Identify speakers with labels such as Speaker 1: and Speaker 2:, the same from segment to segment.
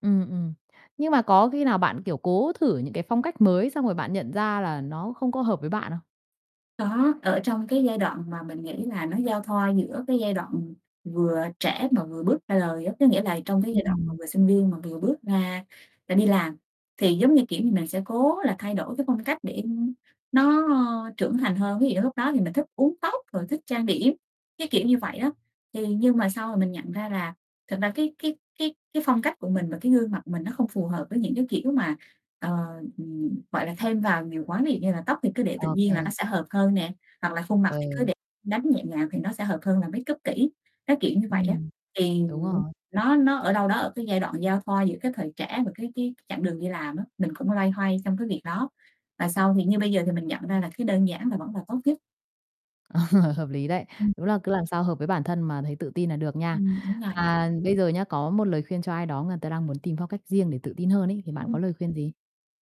Speaker 1: Ừm, ừm. Nhưng mà có khi nào bạn, kiểu, cố thử những cái phong cách mới xong rồi bạn nhận ra là nó không có hợp với bạn không?
Speaker 2: Có, ở trong cái giai đoạn mà mình nghĩ là nó giao thoa giữa cái giai đoạn vừa trẻ mà vừa bước ra đời á. Có nghĩa là trong, cái,
Speaker 1: Ưm,
Speaker 2: giai
Speaker 1: ừm,
Speaker 2: đoạn mà
Speaker 1: ừm.
Speaker 2: vừa sinh viên mà vừa bước ra-ra đi làm thì giống như, kiểu như, mình sẽ cố là thay đổi, cái, phong cách để, ưm, nó trưởng thành hơn. Ví dụ lúc đó thì mình lại thích uốn tóc rồi thích trang điểm, cái kiểu như vậy á, thì nhưng mà sau rồi mình nhận ra là thật ra cái cái cái cái, phong cách của mình và, cái, gương mặt của mình nó không phù hợp với những cái, kiểu, mà, ờ, ừm, gọi là, thêm vào nhiều quá. Ví dụ như là tóc thì cứ để tự
Speaker 1: Ô
Speaker 2: nhiên là nó
Speaker 1: kê.
Speaker 2: sẽ hợp hơn nè, hoặc là khuôn mặt
Speaker 1: Ờ.
Speaker 2: thì cứ để đánh nhẹ nhàng thì nó sẽ hợp hơn là makeup kỹ. Cái, kiểu như, vậy á.
Speaker 1: Ừm,
Speaker 2: Thì,
Speaker 1: đúng
Speaker 2: ừm,
Speaker 1: rồi.
Speaker 2: nó nó ở đâu đó ở, cái, giai đoạn giao thoa giữa cái thời trẻ và cái cái chặng đường đi làm á. Mình cũng loay hoay trong cái việc đó và sau thì như bây giờ thì mình nhận ra là, cái, đơn giản là vẫn là tốt nhất.
Speaker 1: Ờ hợp lý đấy.
Speaker 2: Ừm.
Speaker 1: Đúng là cứ làm sao hợp với bản thân mà thấy tự tin là được nha.
Speaker 2: Ừm, đúng rồi.
Speaker 1: À, bây giờ nhá, có một lời khuyên cho ai đó, người ta đang muốn tìm phong cách riêng để tự tin hơn ấy, thì bạn có
Speaker 2: Ừm.
Speaker 1: lời khuyên gì?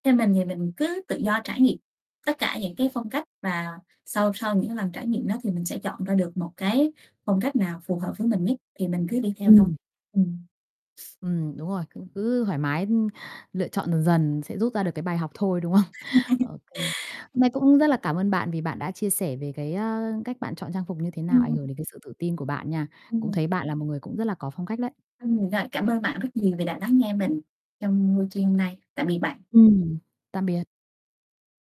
Speaker 2: Theo mình thì mình cứ tự do trải nghiệm tất cả những cái phong cách và sau sau những lần trải nghiệm đó thì mình sẽ chọn ra được một cái phong cách nào phù hợp với mình nhất thì mình cứ đi theo thôi.
Speaker 1: Ừm.
Speaker 2: Ừm.
Speaker 1: Ừm, đúng rồi. Cũng cứ thoải mái, ưm, lựa chọn dần sẽ rút ra
Speaker 2: À.
Speaker 1: được cái bài học thôi, đúng không? Ô kê. Hôm nay
Speaker 2: Ừm.
Speaker 1: cũng rất là cảm ơn bạn vì bạn đã chia sẻ về, cái, a, cách bạn chọn trang phục như thế nào, ảnh
Speaker 2: Ừm
Speaker 1: hưởng
Speaker 2: [unintelligible]
Speaker 1: đến, cái, sự tự tin của bạn nha. Cũng
Speaker 2: Ừm.
Speaker 1: thấy bạn là một người cũng rất là có phong cách đấy.
Speaker 2: Ừm, rồi cảm ơn bạn rất nhiều vì đã lắng nghe mình trong buổi chiều hôm nay. Tạm biệt bạn.
Speaker 1: Ừm, tạm biệt.